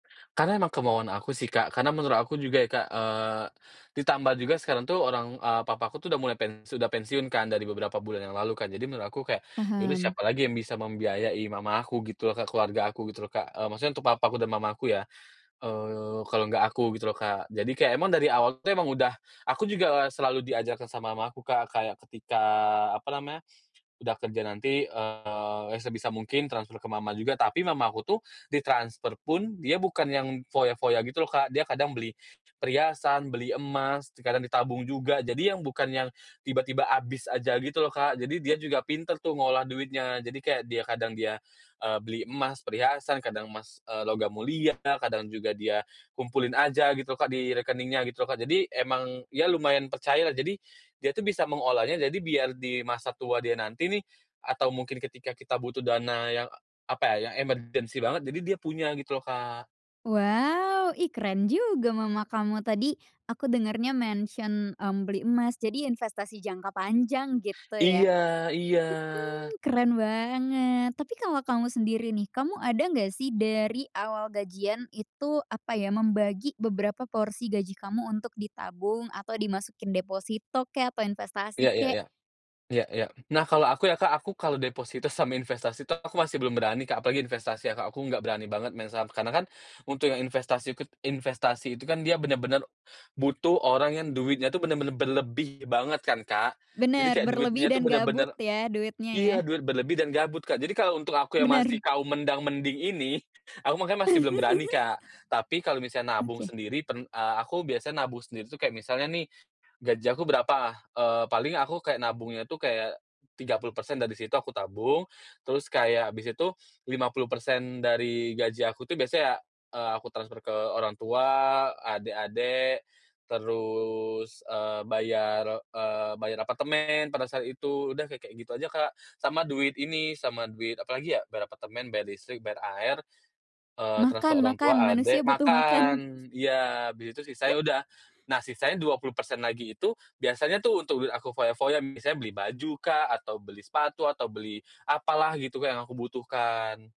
Karena emang kemauan aku sih Kak, karena menurut aku juga ya, Kak, eee, ditambah juga sekarang tuh orang eee, papaku tuh udah mulai pen sudah pensiun kan, dari beberapa bulan yang lalu kan. Jadi menurut aku kayak, ya udah Paham. siapa lagi yang bisa membiayai mama aku gitu loh Kak, keluarga aku gitu loh Kak, eee, maksudnya untuk papa aku dan Mama aku ya, eee, kalau enggak aku gitu loh, Kak. Jadi kayak emang dari awal tuh emang udah aku juga selalu diajarkan sama mamaku Kak kayak ketika, apa namanya, udah kerja nanti, eee, sebisa mungkin transfer ke mama juga. Tapi mamaku tuh ditransfer pun dia bukan yang foya-foya gitu loh Kak, dia kadang beli perhiasan, beli emas, kadang ditabung juga, jadi yang bukan yang tiba-tiba habis aja gitu loh, Kak. Jadi dia juga pinter tuh ngolah duitnya jadi kayak dia kadang dia, eee, beli emas perhiasan, kadang emas, eee, logam mulia lah, kadang juga dia kumpulin aja gitu loh Kak di rekeningnya gitu loh, Kak. Jadi emang ya lumayan percaya lah, jadi dia tuh bisa mengolahnya, jadi biar di masa tua dia nanti nih, atau mungkin ketika kita butuh dana yang, apa ya, emergency banget, jadi dia punya gitu loh, Kak. Wow, ih keren juga mama kamu. Tadi, aku dengernya mention, mmm, beli emas, jadi investasi jangka panjang gitu ya. Mhm, Iya iya. keren banget, tapi kalo kamu sendiri nih, kamu ada nggak sih dari awal gajian itu, apa ya, membagi beberapa porsi gaji kamu untuk ditabung atau dimasukin deposito kek atau investasi Ya ya kek? ya. Ya ya. Nah kalau aku ya Kak, aku kalau deposito sama investasi tuh aku masih belum berani Kak, apalagi investasi ya, Kak. Aku nggak berani banget main saham, karena kan untuk yang investasi ke investasi itu kan dia bener-bener butuh orang yang duitnya tuh bener-bener berlebih banget kan, Kak. Jadi Bener, kayak berlebih duitnya dan tuh gabut bener-bener ya, duitnya ya. iya duit berlebih dan gabut, Kak. Jadi kalau untuk aku yang masih Bener. kaum mendang-mending ini, aku makanya masih belum berani, Kak. Tapi kalau misalnya nabung Oke. sendiri pen eee, aku biasanya nabung sendiri tuh kayak misalnya nih, gaji aku berapa? Eee, paling aku kayak nabungnya tuh kayak 30% dari situ aku tabung, terus kayak habis itu 50% dari gaji aku tuh biasanya, eee, aku transfer ke orang tua, adik-adik terus, eee, bayar, eee, bayar apartemen, pada saat itu, udah kayak kayak gitu aja, Kak. Sama duit ini sama duit apalagi ya? Bayar apartemen, bayar listrik, bayar air, eee, transfer Makan orang makan, tua, manusia adek, butuh makan. makan, iya, abis itu sisanya udah. Nah, sisanya 20% lagi itu biasanya tuh untuk aku foya-foya, misalnya beli baju kah, atau beli sepatu, atau beli apalah gitu Kak yang aku butuhkan.